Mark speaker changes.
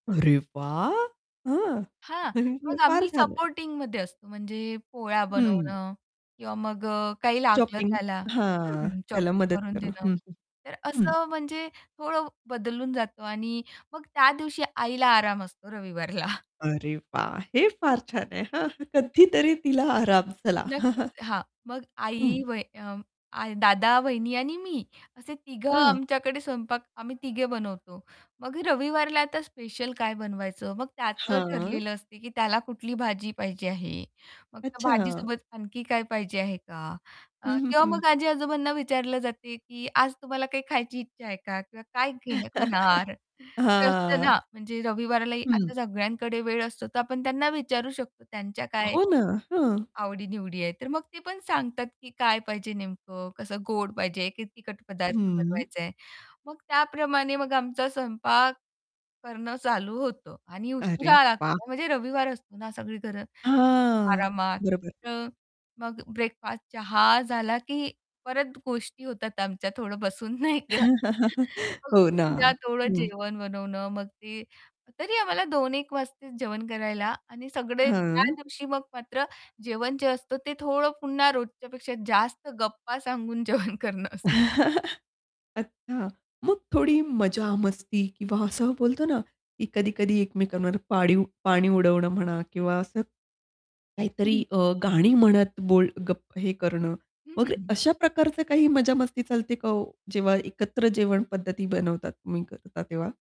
Speaker 1: अरे वाह! हं.
Speaker 2: हां,
Speaker 1: हे
Speaker 2: मग
Speaker 1: फार
Speaker 2: आम्ही
Speaker 1: छान आहे.
Speaker 2: सपोर्टिंगमध्ये असतो, म्हणजे पोळ्या
Speaker 1: हं.
Speaker 2: बनवणं किंवा मग अ, काही लागलं
Speaker 1: चॉपिंग.
Speaker 2: त्याला
Speaker 1: हां.
Speaker 2: हं
Speaker 1: त्याला
Speaker 2: चॉपिंग
Speaker 1: मदत
Speaker 2: करून
Speaker 1: करणं.
Speaker 2: देणं
Speaker 1: हं, हं.
Speaker 2: तर
Speaker 1: हं.
Speaker 2: असं म्हणजे थोडं बदलून जातो आणि मग त्या दिवशी आईला आराम असतो रविवारला.
Speaker 1: अरे वाह! हे फार छान आहे हां. कधीतरी तिला आराम चला.
Speaker 2: नक्कीच. हां, मग
Speaker 1: हं.
Speaker 2: आई वही अ, आ दादा, वहिनी आणि मी. असे तिघं
Speaker 1: हां.
Speaker 2: आमच्याकडे स्वयंपाक आम्ही तिघे बनवतो. मग रविवारला आता स्पेशल काय बनवायचं मग त्याचं
Speaker 1: हां.
Speaker 2: ठरलेलं असते, की त्याला कुठली भाजी पाहिजे आहे? मग त्या
Speaker 1: अच्छा.
Speaker 2: भाजीसोबत आणखी काय पाहिजे आहे का? अ,
Speaker 1: हं, हं,
Speaker 2: किंवा
Speaker 1: हं.
Speaker 2: मग आजी-आजोबांना विचारलं जाते, की आज तुम्हाला काही खायची इच्छा आहे का? किंवा काय घेणं खाणार? ते असतं
Speaker 1: हां.
Speaker 2: ना, म्हणजे रविवारालाही
Speaker 1: हं.
Speaker 2: आता सगळ्यांकडे वेळ असतो तर आपण त्यांना विचारू शकतो, त्यांच्या काय
Speaker 1: हो, ना. हं.
Speaker 2: आवडीनिवडी आहे. तर मग ते पण सांगतात की काय पाहिजे नेमकं? कसं गोड पाहिजे की तिखट पदार्थ
Speaker 1: हं.
Speaker 2: बनवायचाय? मग त्याप्रमाणे मग आमचा स्वयंपाक करणं चालू होतं आणि
Speaker 1: अरे
Speaker 2: उशिरा
Speaker 1: वाह!
Speaker 2: लागतो. म्हणजे रविवार असतो ना सगळी घरं
Speaker 1: हां.
Speaker 2: आरामात
Speaker 1: बरोबर.
Speaker 2: तर मग ब्रेकफास्ट, चहा झाला, की परत गोष्टी होतात आमच्या थोडं बसून नाही का? मग
Speaker 1: हो, ना.
Speaker 2: त्यात थोडं
Speaker 1: हं.
Speaker 2: जेवण बनवणं मग ते तरी आम्हाला 2-1 वाजतेच जेवण करायला. आणि सगळे त्या
Speaker 1: हं.
Speaker 2: दिवशी मग मात्र जेवण जे असतं ते थोडं पुन्हा रोजच्यापेक्षा जास्त गप्पा सांगून जेवण करणं असतं.
Speaker 1: अच्छा. मग थोडी मजा-मस्ती किंवा असं बोलतो ना, की कधी-कधी एकमेकांवर पाणी पाणी उडवणं म्हणा किंवा असं,
Speaker 2: हं,
Speaker 1: काहीतरी
Speaker 2: हं.
Speaker 1: अ, गाणी म्हणत बोल गप हे करणं
Speaker 2: हं, हं,
Speaker 1: वगैरे.
Speaker 2: हं.
Speaker 1: अशा प्रकारचं काही मजामस्ती चालते का हो? जेव्हा एकत्र जेवण पद्धती बनवतात तुम्ही करता तेव्हा?